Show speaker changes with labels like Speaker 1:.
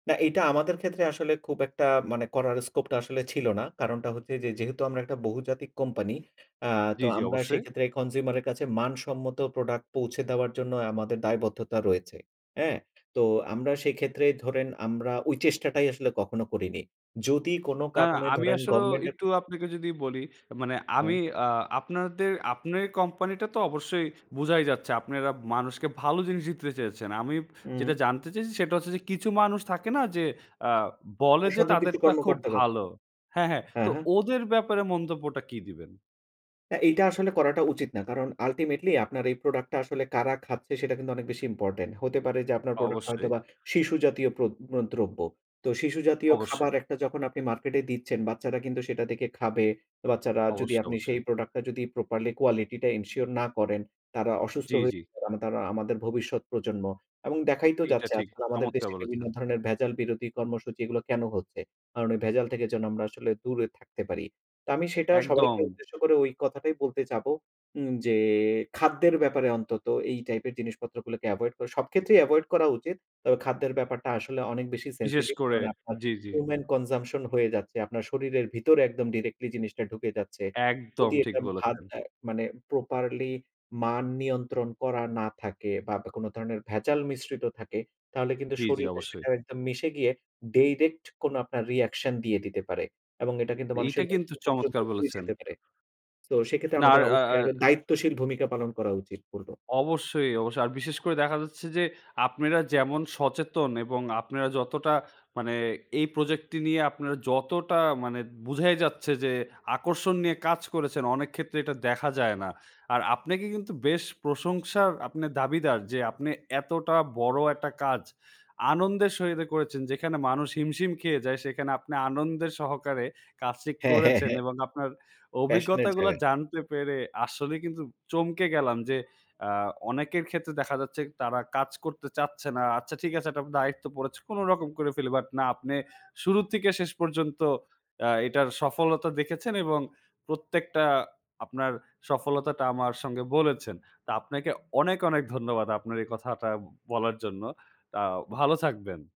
Speaker 1: না, এটা আমাদের ক্ষেত্রে আসলে খুব একটা মানে করার স্কোপটা, আসলে ছিল না। কারণটা হচ্ছে যে, যেহেতু আমরা একটা বহুজাতিক কোম্পানি, আ তো
Speaker 2: জ্বী, জ্বী।
Speaker 1: আমরা
Speaker 2: অবশ্যই।
Speaker 1: সেক্ষেত্রে কনজিউমার এর কাছে, মানসম্মত প্রোডাক্ট পৌঁছে দেওয়ার জন্য, আমাদের দায়বদ্ধতা রয়েছে। হ্যাঁ? তো, আমরা সেক্ষেত্রে ধরেন, আমরা ওই চেষ্টাটাই আসলে কখনো করিনি। যদি কোন
Speaker 2: না,
Speaker 1: কারণে
Speaker 2: আমি
Speaker 1: ধরেন,
Speaker 2: আসলেও
Speaker 1: গভর্নমেন্টের
Speaker 2: একটু আপনাকে যদি বলি, মানে
Speaker 1: হুম।
Speaker 2: আমি আ আপনাদের, আপনের কোম্পানি টা তো অবশ্যই, বোঝাই যাচ্ছে। আপনারা মানুষকে ভালো জিনিসই দিতে চেয়েছেন। আমি
Speaker 1: হুম।
Speaker 2: যেটা জানতে চেয়েছি, সেটা হচ্ছে যে, কিছু মানুষ থাকে না? যে, আ বলে যে,
Speaker 1: অসাধু কিছু
Speaker 2: তাদেরটা খুব
Speaker 1: কর্মকর্তারা।
Speaker 2: ভালো হ্যাঁ, হ্যাঁ। তো
Speaker 1: হ্যাঁ, হ্যাঁ।
Speaker 2: ওদের ব্যাপারে, মন্তব্যটা কি দিবেন?
Speaker 1: হ্যাঁ, এইটা আসলে করাটা উচিত না। কারণ, আল্টিমেটলি আপনার এই প্রোডাক্ট টা আসলে কারা খাচ্ছে? সেটা কিন্তু অনেক বেশি ইম্পোর্টেন্ট। হতে পারে যে, আপনার প্রোডাক্ট টা
Speaker 2: অবশ্যই।
Speaker 1: হয়তোবা শিশু জাতীয় প্র ম দ্রব্য। তো শিশু জাতীয়
Speaker 2: অবশ্যই।
Speaker 1: খাবার একটা যখন আপনি মার্কেটে দিচ্ছেন, বাচ্চারা কিন্তু সেটা দেখে খাবে। বাচ্চারা, যদি
Speaker 2: অবশ্যই,
Speaker 1: আপনি সেই
Speaker 2: অবশ্যই।
Speaker 1: প্রোডাক্ট টা যদি প্রপারলি কোয়ালিটি টা এনশিওর না করেন, তারা অসুস্থ
Speaker 2: জ্বী,
Speaker 1: হয়ে
Speaker 2: জ্বী।
Speaker 1: আম তারা আমাদের ভবিষ্যৎ প্রজন্ম। এবং দেখাই তো
Speaker 2: এইটা
Speaker 1: যাচ্ছে,
Speaker 2: ঠিক।
Speaker 1: আজকাল আমাদের
Speaker 2: চমৎকার
Speaker 1: দেশে বিভিন্ন
Speaker 2: বলেছেন।
Speaker 1: ধরনের ভেজাল বিরোধী কর্মসূচি, এগুলো কেন হচ্ছে? কারণ ওই ভেজাল থেকে যেন আমরা আসলে দূরে থাকতে পারি। তো, আমি সেটা
Speaker 2: একদম।
Speaker 1: সবাইকে উদ্দেশ্য করে ওই কথাটাই বলতে চাবো। উম যে, খাদ্যের ব্যাপারে অন্তত, এই টাইপের জিনিসপত্রগুলোকে এভয়েড করা। সব ক্ষেত্রেই এভয়েড করা উচিত। তবে খাদ্যের ব্যাপারটা আসলে অনেক বেশি
Speaker 2: বিশেষ
Speaker 1: সেনসিটিভ,
Speaker 2: করে
Speaker 1: কারণ আপনার
Speaker 2: জ্বী, জ্বী।
Speaker 1: হিউমেন কনজাম্পশন হয়ে যাচ্ছে। আপনার শরীরের ভিতরে একদম ডিরেক্টলি জিনিসটা ঢুকে যাচ্ছে।
Speaker 2: একদম,
Speaker 1: যদি
Speaker 2: ঠিক
Speaker 1: এটা ভার
Speaker 2: বলেছেন।
Speaker 1: দেয়, মানে প্রপারলি মান নিয়ন্ত্রণ করা না থাকে, বা দ কোন ধরনের ভেজাল মিশ্রিত থাকে, তাহলে কিন্তু
Speaker 2: জ্বী, জ্বী।
Speaker 1: শরীরে
Speaker 2: অবশ্যই।
Speaker 1: সেটা একদম মিশে গিয়ে, ডাইরেক্ট কোন আপনার রিঅ্যাকশন, দিয়ে দিতে পারে। এবং এটা কিন্তু
Speaker 2: এইটা
Speaker 1: মানুষের
Speaker 2: কিন্তু
Speaker 1: মৃত্যু পর্যন্ত
Speaker 2: চমৎকার
Speaker 1: হয়ে
Speaker 2: বলেছেন।
Speaker 1: যেতে পারে। তো সেক্ষেত্রে,
Speaker 2: না। আর
Speaker 1: আমাদের
Speaker 2: আর
Speaker 1: অবশ্যই
Speaker 2: আর
Speaker 1: একটা দায়িত্বশীল ভূমিকা পালন করা উচিত, বলবো।
Speaker 2: অবশ্যই, অবশ্যই। আর বিশেষ করে দেখা যাচ্ছে যে, আপনারা যেমন সচেতন এবং আপনারা যতটা মানে, এই প্রজেক্টটি নিয়ে আপনারা যতটা, মানে, বুঝাই যাচ্ছে যে, আকর্ষণ নিয়ে কাজ করেছেন, অনেক ক্ষেত্রে এটা দেখা যায় না। আর, আপনাকে কিন্তু বেশ প্রশংসার আপনার দাবিদার যে, আপনি এতটা বড় একটা কাজ, আনন্দের সহিতে করেছেন। যেখানে মানুষ হিমশিম খেয়ে যায় সেখানে, আপনি আনন্দের সহকারে কাজটি
Speaker 1: হ্যাঁ, হ্যাঁ,
Speaker 2: করেছেন
Speaker 1: হ্যাঁ।
Speaker 2: এবং আপনার
Speaker 1: প্যাশন এর
Speaker 2: অভিজ্ঞতাগুলো
Speaker 1: জায়গা।
Speaker 2: জানতে পেরে, আসলেই কিন্তু চমকে গেলাম যে, আ অনেকের ক্ষেত্রে দেখা যাচ্ছে, তারা কাজ করতে চাচ্ছে না। "আচ্ছা ঠিক আছে, একটা দায়িত্ব পড়েছে, কোন রকম করে ফেলি।" বাট না আপনি, শুরু থেকে শেষ পর্যন্ত আ এটার সফলতা দেখেছেন এবং প্রত্যেকটা আপনার সফলতাটা আমার সঙ্গে বলেছেন। তো, আপনাকে অনেক, অনেক ধন্যবাদ, আপনার এই কথাটা বলার জন্য। তাও ভালো থাকবেন।